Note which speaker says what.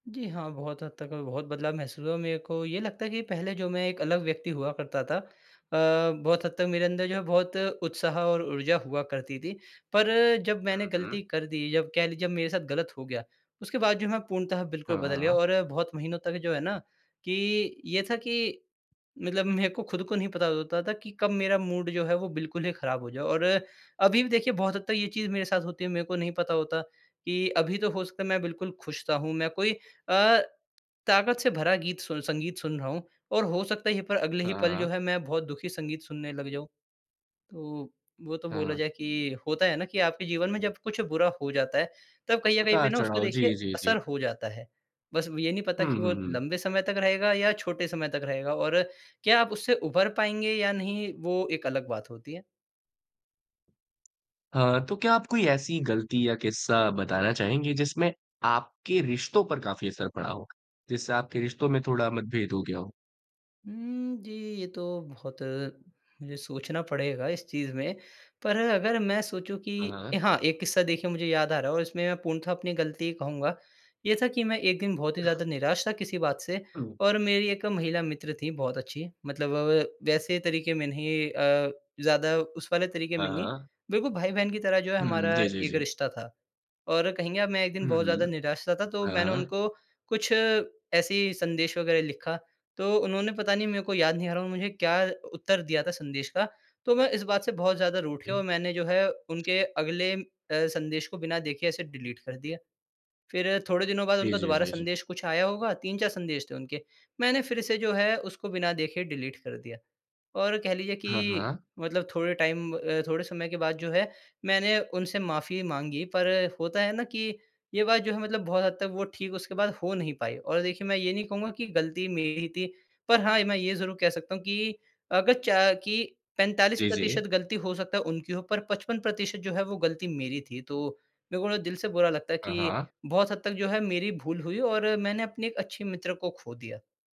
Speaker 1: जी, हाँ, बहुत हद तक अभी बहुत बदलाव महसूस हुआ, मेरे को ये लगता है कि पहले जो मैं एक अलग व्यक्ति हुआ करता था। अ, बहुत हद तक मेरे अंदर जो है बहुत उत्साह और ऊर्जा हुआ करती थी, पर जब मैंने
Speaker 2: हुँ, हुँ।
Speaker 1: गलती कर दी, जब कह लीजिए जब मेरे साथ गलत हो गया, उसके बाद जो मैं पूर्णतः बिल्कुल
Speaker 2: हाँ,
Speaker 1: बदल गया।
Speaker 2: हाँ।
Speaker 1: और बहुत महीनों तक जो है ना कि ये था कि मतलब मेरे को खुद को नहीं पता होता था कि कब मेरा मूड जो है, वो बिल्कुल ही खराब हो जाए। और अभी भी देखिए बहुत हद तक ये चीज़ मेरे साथ होती है, मेरे को नहीं पता होता कि अभी तो हो सकता है मैं बिल्कुल खुश-सा हूँ, मैं कोई अ, ताकत से भरा गीत सु संगीत सुन रहा हूँ, और हो सकता है यही पर अगले ही
Speaker 2: हाँ,
Speaker 1: पल जो
Speaker 2: हाँ।
Speaker 1: है मैं बहुत दुखी संगीत सुनने लग जाऊँ। तो वो तो बोला
Speaker 2: हाँ।
Speaker 1: जाए कि होता है ना कि आपके जीवन में जब कुछ बुरा हो जाता है, तब कहीं अ, कहीं पे ना उसका
Speaker 2: उतार-चढ़ाव,
Speaker 1: देखिए
Speaker 2: जी, जी, जी।
Speaker 1: असर हो जाता है। बस ये नहीं पता
Speaker 2: हुँ,
Speaker 1: कि वो
Speaker 2: हुँ, हुँ।
Speaker 1: लंबे समय तक रहेगा या छोटे समय तक रहेगा, और क्या आप उससे उभर पाएँगे या नहीं, वो एक अलग बात होती है।
Speaker 2: हाँ। तो क्या आप कोई ऐसी गलती या किस्सा बताना चाहेंगे, जिसमें आपके रिश्तों पर काफ़ी असर पड़ा हो, जिससे आपके रिश्तों में थोड़ा मतभेद हो गया हो?
Speaker 1: उम, जी, ये तो बहुत मुझे सोचना पड़ेगा इस चीज में। पर अगर मैं सोचूँ
Speaker 2: हाँ,
Speaker 1: कि ए
Speaker 2: हाँ।
Speaker 1: हाँ, एक किस्सा देखिए मुझे याद आ रहा है और इसमें मैं पूर्णतः अपनी गलती कहूँगा। ये था कि मैं एक दिन बहुत ही ज़्यादा निराश था किसी बात से, और मेरी एक महिला मित्र थी बहुत अच्छी, मतलब वव वैसे तरीके में नहीं अ, ज़्यादा उस वाले तरीके
Speaker 2: हाँ,
Speaker 1: में नहीं,
Speaker 2: हाँ।
Speaker 1: बिल्कुल भाई-बहन की तरह जो है
Speaker 2: हुँ,
Speaker 1: हमारा
Speaker 2: जी, जी,
Speaker 1: एक
Speaker 2: जी।
Speaker 1: रिश्ता था। और कहेंगे आप, मैं एक दिन
Speaker 2: हुँ,
Speaker 1: बहुत ज़्यादा
Speaker 2: हुँ।
Speaker 1: निराश-सा था, तो
Speaker 2: हाँ,
Speaker 1: मैंने
Speaker 2: हाँ।
Speaker 1: उनको कुछ ऐसे ही संदेश वग़ैरह लिखा। तो उन्होंने पता नहीं, मेरे को याद नहीं आ रहा, मुझे क्या उत्तर दिया था संदेश का, तो मैं इस बात से बहुत ज़्यादा रूठ गया और मैंने जो है उनके अगले अ, संदेश को बिना देखे ऐसे डिलीट कर दिया। फिर थोड़े दिनों बाद
Speaker 2: जी,
Speaker 1: उनका
Speaker 2: जी,
Speaker 1: दोबारा
Speaker 2: जी, जी।
Speaker 1: संदेश कुछ आया होगा, 3-4 संदेश थे उनके, मैंने फिर से जो है उसको बिना देखे डिलीट कर दिया। और कह लीजिए
Speaker 2: हाँ,
Speaker 1: कि
Speaker 2: हाँ।
Speaker 1: मतलब थोड़े टाइम ब अ, थोड़े समय के बाद जो है मैंने उनसे माफी माँगी, पर होता है ना कि ये बात जो है मतलब बहुत हद तक वो ठीक उसके बाद हो नहीं पाई। और देखिए, मैं ये नहीं कहूँगा कि गलती मेरी ही थी, पर हाँ, मैं ये ज़रूर कह सकता हूँ कि अगर च कि पैंतालीस
Speaker 2: जी, जी।
Speaker 1: प्रतिशत गलती हो सकता है उनकी हो, पर 55% जो है वो गलती मेरी थी। तो मेरे को ना दिल से बुरा लगता है
Speaker 2: हाँ,
Speaker 1: कि
Speaker 2: हाँ।
Speaker 1: बहुत हद तक जो है मेरी भूल हुई, और मैंने अपने एक अच्छी मित्र को खो दिया।